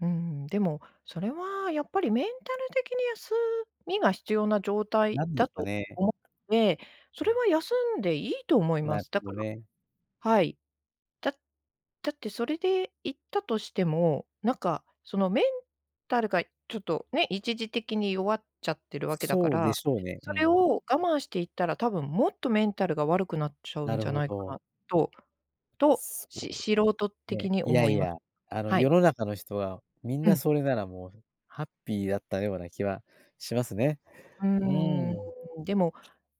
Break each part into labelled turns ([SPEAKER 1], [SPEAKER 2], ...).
[SPEAKER 1] うん、でも、それはやっぱりメンタル的に休みが必要な状態
[SPEAKER 2] なんです
[SPEAKER 1] だ
[SPEAKER 2] か
[SPEAKER 1] と
[SPEAKER 2] ね。
[SPEAKER 1] 思うので、それは休んでいいと思いま
[SPEAKER 2] なる
[SPEAKER 1] す。
[SPEAKER 2] ほ
[SPEAKER 1] だか
[SPEAKER 2] ど
[SPEAKER 1] ら、
[SPEAKER 2] ね。
[SPEAKER 1] はい。だだってそれで行ったとしても、なんか、そのメンタルがちょっとね、一時的に弱っちゃってるわけだか
[SPEAKER 2] そうで
[SPEAKER 1] ら、
[SPEAKER 2] しょうね、う
[SPEAKER 1] それ
[SPEAKER 2] ん。
[SPEAKER 1] を我慢して行ったら、多分もっとメンタルが悪くなっちゃう
[SPEAKER 2] な
[SPEAKER 1] ん
[SPEAKER 2] る
[SPEAKER 1] じゃ
[SPEAKER 2] ほ
[SPEAKER 1] ないか
[SPEAKER 2] ど。
[SPEAKER 1] なとと、
[SPEAKER 2] そ
[SPEAKER 1] し素人
[SPEAKER 2] う。え
[SPEAKER 1] 的
[SPEAKER 2] え、
[SPEAKER 1] に
[SPEAKER 2] いや
[SPEAKER 1] 思
[SPEAKER 2] い
[SPEAKER 1] いま
[SPEAKER 2] や、あの
[SPEAKER 1] はい。
[SPEAKER 2] 世の中の人はみん
[SPEAKER 1] う
[SPEAKER 2] な
[SPEAKER 1] ん。
[SPEAKER 2] それならもう、ハッピーだったような気はしますね。
[SPEAKER 1] う
[SPEAKER 2] う
[SPEAKER 1] ー
[SPEAKER 2] ーん。
[SPEAKER 1] ん、でも、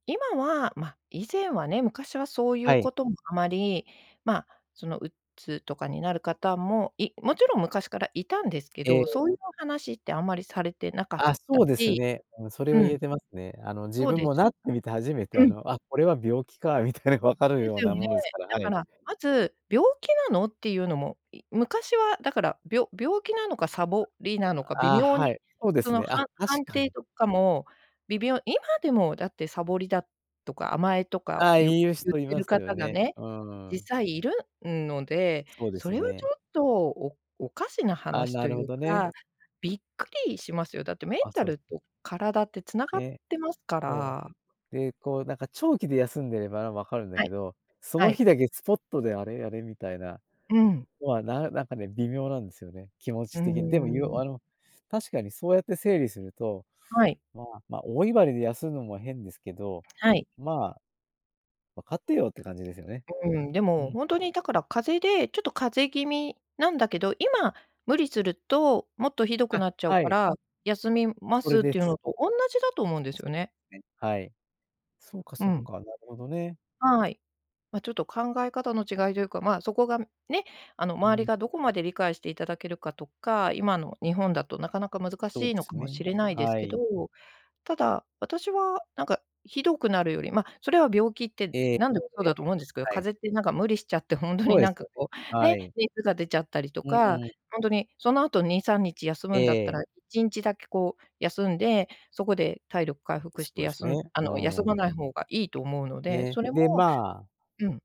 [SPEAKER 1] 今はま、以前はね、昔はそうい
[SPEAKER 2] は
[SPEAKER 1] う
[SPEAKER 2] い。
[SPEAKER 1] こともあまり、ま、その鬱とかになる方も、いもちろん昔からいたんですけ
[SPEAKER 2] え
[SPEAKER 1] ど、
[SPEAKER 2] え。
[SPEAKER 1] そういう話ってあんまりされてなかっ
[SPEAKER 2] ああ、そ
[SPEAKER 1] た
[SPEAKER 2] うです
[SPEAKER 1] し。
[SPEAKER 2] ね。うん、それ
[SPEAKER 1] う
[SPEAKER 2] は言
[SPEAKER 1] ん。
[SPEAKER 2] えてますね。あの自
[SPEAKER 1] そう
[SPEAKER 2] 分
[SPEAKER 1] で
[SPEAKER 2] も
[SPEAKER 1] す。
[SPEAKER 2] なってみて初めて、あ
[SPEAKER 1] うん。
[SPEAKER 2] の、あ、これは病気かみたいなのが分かる
[SPEAKER 1] で
[SPEAKER 2] よう
[SPEAKER 1] すよ
[SPEAKER 2] な
[SPEAKER 1] ね。
[SPEAKER 2] ものですから、
[SPEAKER 1] だ
[SPEAKER 2] は
[SPEAKER 1] か
[SPEAKER 2] い。
[SPEAKER 1] ら、まず「病気なの？」っていうのも、い昔はだから、びょ病気なのかサボりなのか、微
[SPEAKER 2] ああ、
[SPEAKER 1] 妙
[SPEAKER 2] は
[SPEAKER 1] に、
[SPEAKER 2] い、そうで
[SPEAKER 1] そ
[SPEAKER 2] す
[SPEAKER 1] の、
[SPEAKER 2] ね。
[SPEAKER 1] は
[SPEAKER 2] あ、
[SPEAKER 1] ん
[SPEAKER 2] 確
[SPEAKER 1] 判
[SPEAKER 2] か
[SPEAKER 1] 定
[SPEAKER 2] に。
[SPEAKER 1] とかも、微妙今でもだってサボりだとか、甘えとか
[SPEAKER 2] ああ、
[SPEAKER 1] ゆ
[SPEAKER 2] 言う
[SPEAKER 1] 言
[SPEAKER 2] 人
[SPEAKER 1] っ
[SPEAKER 2] い
[SPEAKER 1] て
[SPEAKER 2] ま
[SPEAKER 1] る
[SPEAKER 2] すよ
[SPEAKER 1] 方が
[SPEAKER 2] ね。
[SPEAKER 1] ね、
[SPEAKER 2] うー
[SPEAKER 1] 実
[SPEAKER 2] ん。
[SPEAKER 1] 際いるんので、
[SPEAKER 2] そうで
[SPEAKER 1] そ
[SPEAKER 2] す
[SPEAKER 1] れはちょ
[SPEAKER 2] ね。
[SPEAKER 1] っと、おおかしな
[SPEAKER 2] あ、
[SPEAKER 1] 話
[SPEAKER 2] な
[SPEAKER 1] と
[SPEAKER 2] る
[SPEAKER 1] い
[SPEAKER 2] ほ
[SPEAKER 1] う
[SPEAKER 2] どね。
[SPEAKER 1] か、びっくりしますよ。だってメン
[SPEAKER 2] あ、
[SPEAKER 1] タ
[SPEAKER 2] そうで
[SPEAKER 1] ル
[SPEAKER 2] すね。
[SPEAKER 1] と体って繋がっ
[SPEAKER 2] ね、
[SPEAKER 1] てますか
[SPEAKER 2] そ
[SPEAKER 1] ら。
[SPEAKER 2] う。で、こうなんか長期で休んでれば、ま、分かるんだ
[SPEAKER 1] は
[SPEAKER 2] け
[SPEAKER 1] い、
[SPEAKER 2] ど、そ
[SPEAKER 1] は
[SPEAKER 2] の
[SPEAKER 1] い。
[SPEAKER 2] 日だけスポットであれあれ？みたいな。
[SPEAKER 1] うん。
[SPEAKER 2] とはならなんかね、微妙なんですよね、気持
[SPEAKER 1] うー
[SPEAKER 2] ち的に。でも
[SPEAKER 1] ん。
[SPEAKER 2] あの、確かにそうやって整理すると、
[SPEAKER 1] はい。
[SPEAKER 2] まあ、ま、大威張りで休むのも変ですけど、
[SPEAKER 1] はい。
[SPEAKER 2] まあ「分かってよ」って感じですよね。
[SPEAKER 1] うーん、で
[SPEAKER 2] う
[SPEAKER 1] も、
[SPEAKER 2] ん。
[SPEAKER 1] ほんとにだから風邪で、ちょっと風邪気味なんだけど、今無理すると、もっとひどく
[SPEAKER 2] あ、
[SPEAKER 1] なっちゃう
[SPEAKER 2] は
[SPEAKER 1] か
[SPEAKER 2] い。
[SPEAKER 1] ら、休みま
[SPEAKER 2] それ
[SPEAKER 1] すっ
[SPEAKER 2] で
[SPEAKER 1] ていう
[SPEAKER 2] す。
[SPEAKER 1] のとおんなじだと思うんです
[SPEAKER 2] そ、
[SPEAKER 1] よね。
[SPEAKER 2] ね、はい。そうか
[SPEAKER 1] う
[SPEAKER 2] そう
[SPEAKER 1] ん。
[SPEAKER 2] か、なるほどね。
[SPEAKER 1] はい。ま、ちょっと考え方の違いというか、ま、そこがね、あの
[SPEAKER 2] う
[SPEAKER 1] 周り
[SPEAKER 2] ん。
[SPEAKER 1] がどこまで理解していただけるかとか、今の日本だとなかなか難
[SPEAKER 2] そうで
[SPEAKER 1] しいの
[SPEAKER 2] す
[SPEAKER 1] かも
[SPEAKER 2] ね、
[SPEAKER 1] しれないです
[SPEAKER 2] は
[SPEAKER 1] けど、
[SPEAKER 2] い。
[SPEAKER 1] ただ、私はなんかひどくなるより、まそれは病気って
[SPEAKER 2] ええ、
[SPEAKER 1] なんでもそうだ
[SPEAKER 2] [unintelligible]
[SPEAKER 1] と思うんですけど、
[SPEAKER 2] はい。
[SPEAKER 1] 風邪ってなんか無理しちゃってほんと
[SPEAKER 2] そ
[SPEAKER 1] に
[SPEAKER 2] うで
[SPEAKER 1] なん
[SPEAKER 2] す
[SPEAKER 1] か
[SPEAKER 2] よね、
[SPEAKER 1] こう、
[SPEAKER 2] は
[SPEAKER 1] ね、
[SPEAKER 2] い。
[SPEAKER 1] 熱が出ちゃったりと
[SPEAKER 2] うん
[SPEAKER 1] か、
[SPEAKER 2] うん。
[SPEAKER 1] ほんとにその後2、3日休
[SPEAKER 2] え
[SPEAKER 1] むんだった
[SPEAKER 2] え。
[SPEAKER 1] ら1日だけこう休んで、そこで体力回復
[SPEAKER 2] そ
[SPEAKER 1] して、
[SPEAKER 2] うです
[SPEAKER 1] 休
[SPEAKER 2] ね。
[SPEAKER 1] んあ
[SPEAKER 2] う
[SPEAKER 1] の休ま
[SPEAKER 2] ー
[SPEAKER 1] な
[SPEAKER 2] ん。
[SPEAKER 1] い方がいいと思うので、
[SPEAKER 2] ね、
[SPEAKER 1] それ
[SPEAKER 2] で、
[SPEAKER 1] も
[SPEAKER 2] まあ
[SPEAKER 1] うん。